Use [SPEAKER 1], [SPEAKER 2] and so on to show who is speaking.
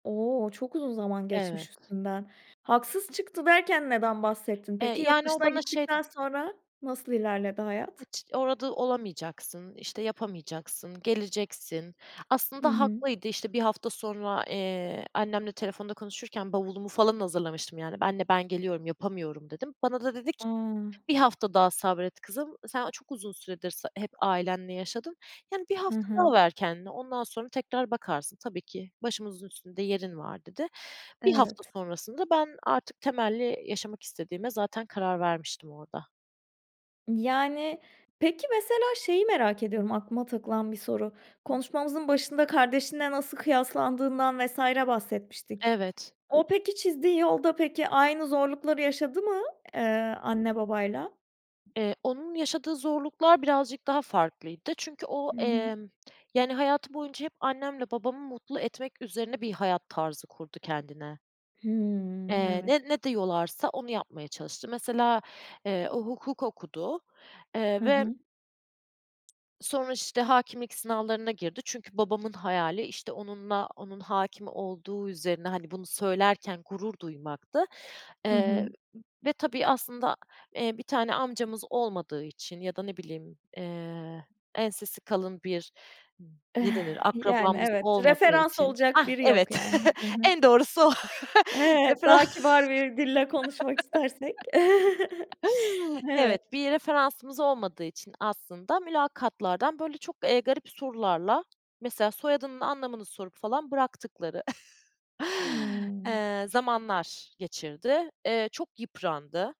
[SPEAKER 1] O, çok uzun zaman geçmiş
[SPEAKER 2] Evet.
[SPEAKER 1] üstünden. Haksız çıktı derken neden bahsettin peki?
[SPEAKER 2] Eee,
[SPEAKER 1] Yurt
[SPEAKER 2] yani, o
[SPEAKER 1] dışına
[SPEAKER 2] bana şey
[SPEAKER 1] gittikten
[SPEAKER 2] ded
[SPEAKER 1] sonra nasıl ilerledi hayat?
[SPEAKER 2] "Hiç orada olamayacaksın", işte, "yapamayacaksın, geleceksin."
[SPEAKER 1] Hı
[SPEAKER 2] Aslında
[SPEAKER 1] hı.
[SPEAKER 2] haklıydı, işte, 1 hafta sonra, eee, annemle telefonda konuşurken bavulumu falan hazırlamıştım yani. "Anne, ben geliyorum, yapamıyorum." dedim. Bana da dedi ki
[SPEAKER 1] A.
[SPEAKER 2] "1 hafta daha sabret kızım. Sen çok uzun süredir s hep ailenle yaşadın, yani, 1
[SPEAKER 1] Hı
[SPEAKER 2] hafta daha
[SPEAKER 1] hı.
[SPEAKER 2] ver kendine, ondan sonra tekrar bakarsın. Tabii ki başımızın üstünde yerin var." dedi. 1 hafta
[SPEAKER 1] Evet.
[SPEAKER 2] sonrasında ben artık temelli yaşamak istediğime zaten karar vermiştim orada.
[SPEAKER 1] Yani, peki, mesela şeyi merak ediyorum, aklıma takılan bir soru:
[SPEAKER 2] [unintelligible]
[SPEAKER 1] Konuşmamızın başında kardeşinle nasıl kıyaslandığından vs. bahsetmiştik.
[SPEAKER 2] Evet.
[SPEAKER 1] O, peki, çizdiği yolda, peki, aynı zorlukları yaşadı mı, eee, anne, babayla?
[SPEAKER 2] Eee, onun yaşadığı zorluklar birazcık daha farklıydı çünkü o,
[SPEAKER 1] Hı hı.
[SPEAKER 2] emm, yani, hayatı boyunca hep annemle babamı mutlu etmek üzerine bir hayat tarzı kurdu kendine.
[SPEAKER 1] Hımm,
[SPEAKER 2] Eee,
[SPEAKER 1] evet.
[SPEAKER 2] ne ne diyorlarsa onu yapmaya çalıştı. Mesela, eee, o hukuk okudu, eee,
[SPEAKER 1] Hı
[SPEAKER 2] ve
[SPEAKER 1] hı.
[SPEAKER 2] sonra, işte, hâkimlik sınavlarına girdi. Çünkü babamın hayali, işte, onunla, onun hâkim olduğu üzerine, hani, bunu söylerken gurur duymaktı.
[SPEAKER 1] Hı
[SPEAKER 2] Eee,
[SPEAKER 1] hı.
[SPEAKER 2] ve tabii, aslında, eee, bir tane amcamız olmadığı için ya da ne bileyim, eee, ensesi kalın bir, ne denir,
[SPEAKER 1] Yani,
[SPEAKER 2] akrabamız
[SPEAKER 1] evet.
[SPEAKER 2] olmadığı
[SPEAKER 1] Referans
[SPEAKER 2] için
[SPEAKER 1] olacak
[SPEAKER 2] hah,
[SPEAKER 1] biri
[SPEAKER 2] evet,
[SPEAKER 1] yok yani, hı hı.
[SPEAKER 2] en doğrusu o,
[SPEAKER 1] Evet, daha
[SPEAKER 2] referans.
[SPEAKER 1] kibar bir dille konuşmak istersek.
[SPEAKER 2] Evet,
[SPEAKER 1] Evet.
[SPEAKER 2] bir referansımız olmadığı için aslında mülakatlardan, böyle, çok, eee, garip sorularla, mesela soyadının anlamını sorup falan bıraktıkları
[SPEAKER 1] Hımm.
[SPEAKER 2] eee, zamanlar geçirdi. Eee, çok yıprandı.